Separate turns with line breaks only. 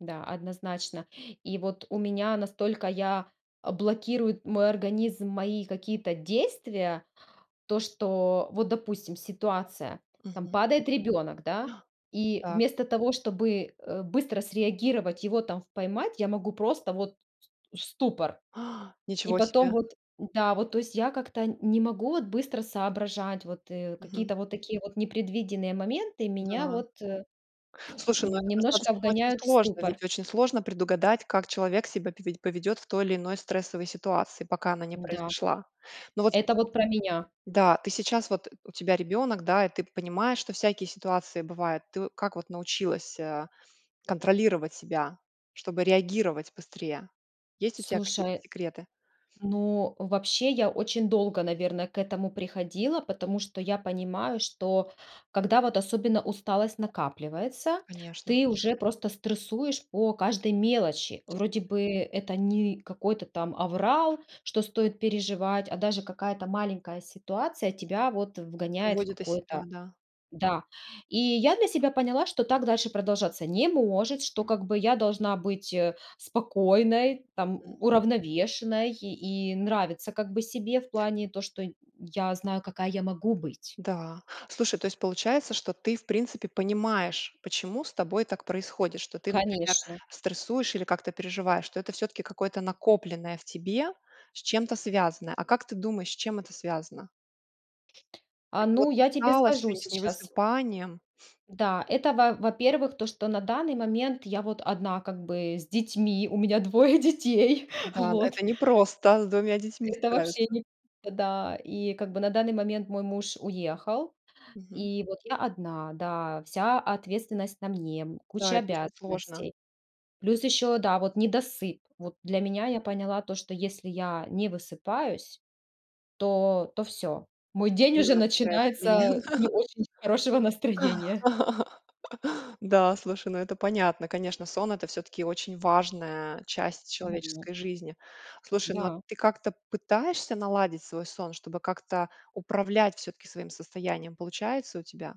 Да, однозначно. И вот у меня настолько я а_ блокирует мой организм мои какие-то действия, то, что вот, допустим, ситуация: там
Мгм.
падает ребёнок, да, и
Так.
вместо того, чтобы, э, быстро среагировать, его там в поймать, я могу просто вот с в ступор. И
Ничего
потом
себе.
вот, н-да, вот, то есть я как-то нь не могу вот быстро соображать, вот, э,
Мгм.
какие-то вот такие вот непредвиденные моменты меня
Да.
вот, э,
Слушай, ну, это
немножко
достаточно очень
вгоняют в
сложно,
ступор.
ведь очень сложно предугадать, как человек себя пове поведёт в той или иной стрессовой ситуации, пока она не
Н-да,
произошла. Но вот
это
сейчас
вот про меня.
да, ты сейчас, вот, у тебя ребёнок, да, и ты п понимаешь, что всякие ситуации бывают. Ты как вот научилась, а, контролировать себя, чтобы реагировать быстрее? Есть у тебя какие-то
Слушай.
секреты?
Ну, вообще, я очень долго, наверно, к этому приходила, потому что я понимаю, что, когда вот особенно усталость накапливается,
Конечно.
ты уже просто стрессуешь по каждой мелочи. Вроде
Действитель
бы это не какой-то там аврал, что стоит переживать, а даже какая-то маленькая ситуация тебя вот вгоняет в
Выводит из себя,
какое-то
да.
да. И я для себя поняла, что так дальше продолжаться не может, что, как бы, я должна быть, э, спокойной, там,
Мгм.
у уравновешенной и нравиться, как бы, себе в плане то, что нь я знаю, какая я могу быть.
Да, слушай, то есть получается, что ты, в принципе, понимаешь, почему с тобой так происходит, что ты, например,
Конечно.
стрессуешь или как-то переживаешь, что это всё-таки какое-то накопленное в тебе, с чем-то связанное. А как ты думаешь, с чем это связано?
А,
Это вот
ну,
с
я тебе
усталостью, и
скажу
не с
сейчас.
невысыпанием.
Да, это, во во-первых, то, что на данный момент я вот 1 как бы с детьми, у меня 2 детей.
Да, это
Вот.
не просто с 2 детьми
Это вообще
справиться.
не в да. И как бы на данный момент мой муж уехал.
Мгм.
И вот я 1, да. Вся ответственность на мне, м,
Да,
куча
это очень сложно.
обязанностей. Плюс ещё, да, вот недосып. Вот для меня я поняла то, что если я не высыпаюсь, то то всё. Мой
Очень
день
сильно
уже
на тебя это влия
начинается не очень с хорошего
да.
настроения.
Да, слушай, ну, это понятно. Конечно, сон- это всё-таки очень важная часть
Мгм.
человеческой жизни. Слушай, ну, а
Да.
ты как-то пытаешься наладить свой сон, чтобы как-то управлять всё-таки своим состоянием? Получается у тебя?